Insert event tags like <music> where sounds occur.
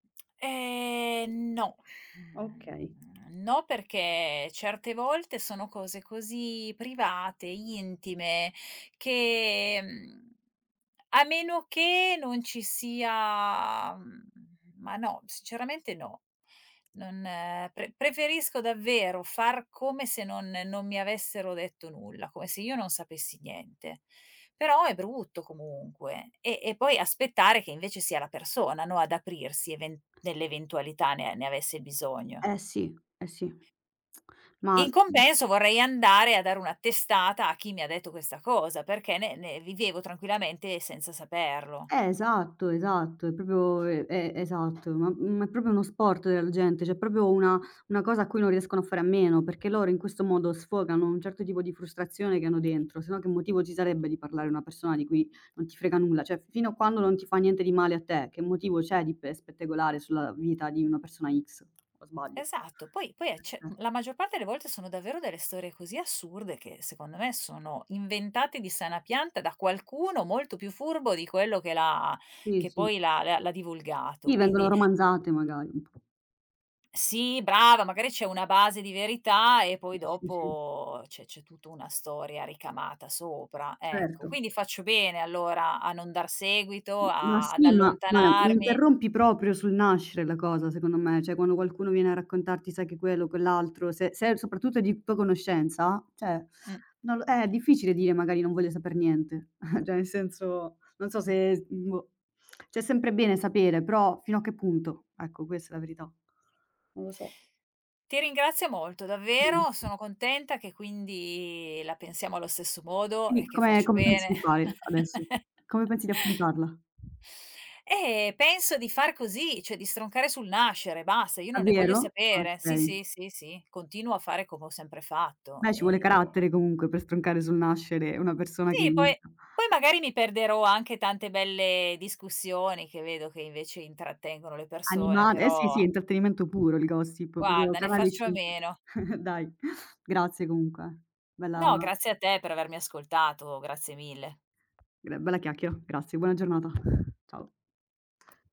Ehm, no. Okay. Mhmm, no perché certe volte sono cose così private, intime che, mhmm, a meno che non ci sia mhmm, ma no, sinceramente no. Non pre preferisco davvero far come se non non mi avessero detto nulla, come se io non sapessi niente; però è brutto comunque, e e poi aspettare che invece sia la persona, no ad aprirsi even nell'eventualità ne ne avesse bisogno. Eh sì, eh sì. Ma, In mh compenso vorrei andare a dare una testata a chi mi ha detto questa cosa, perché ne ne vivevo tranquillamente senza saperlo. Eh esatto, esatto, è proprio e e esatto, ma ma è proprio uno sport del gente, cioè proprio una una cosa a cui non riescono a fare a meno, perché loro in questo modo sfogano un certo tipo di frustrazione che hanno dentro, se no che motivo ci sarebbe di parlare una persona di cui non ti frega nulla. Cioè, fino a quando non ti fa niente di male a te, che motivo c'è di pe spettegolare sulla vita di una persona X, o sbaglio? Esatto, poi poi e cioè, <unintelligible> eh la maggior parte le volte sono davvero delle storie così assurde che secondo me sono inventate di sana pianta da qualcuno molto più furbo di quello che l'ha Sì, che sì. poi l'ha l'ha divulgato. Sì, vengono Quindi romanzate magari, un po'. Sì brava, magari c'è una base di verità e poi Sì, sì, sì. dopo c'è c'è tutta una storia ricamata sopra, ecco. Certo. Quindi faccio bene allora a non dar seguito, M ma a ad sì, ma beh mi allontanarmi. interrompi proprio sul nascere la cosa secondo me, cioè quando qualcuno viene a raccontarti sai che quello quell'altro, se se è soprattutto di tua conoscenza, cioè, Mh. non l eh, difficile dire "magari non voglio saper niente." <chuckles> Cioè ne senso, non so se s mhmm, boh. Cioè sempre bene sapere, però fino a che punto? Ecco questa è la verità. Non lo so. Ti ringrazio molto davvero, Mh. sono contenta che quindi la pensiamo allo stesso modo Quindi e che come ehm, faccio come pensi bene. di fare adesso? Come <chuckles> pensi di affrontarla? E penso di far così, cioè di stroncare sul nascere, basta. Io non ne voglio Davvero? sapere. Sì, Okay. sì, sì, sì, continuo a fare come ho sempre fatto, Beh ci vuole ehm carattere comunque per stroncare sul nascere una persona che Sì poi inizia. poi magari mi perderò anche tante belle discussioni, che vedo che invece intrattengono le persone, Animal eh sì, sì, però intrattenimento puro il gossip, guarda ne <unintelligible> Canale faccio a 5. meno. <chuckles> Dai, grazie comunque. Bella No grazie a te per avermi ascoltato, grazie mille. gr bella chiacchiera, grazie buona giornata. Ciao.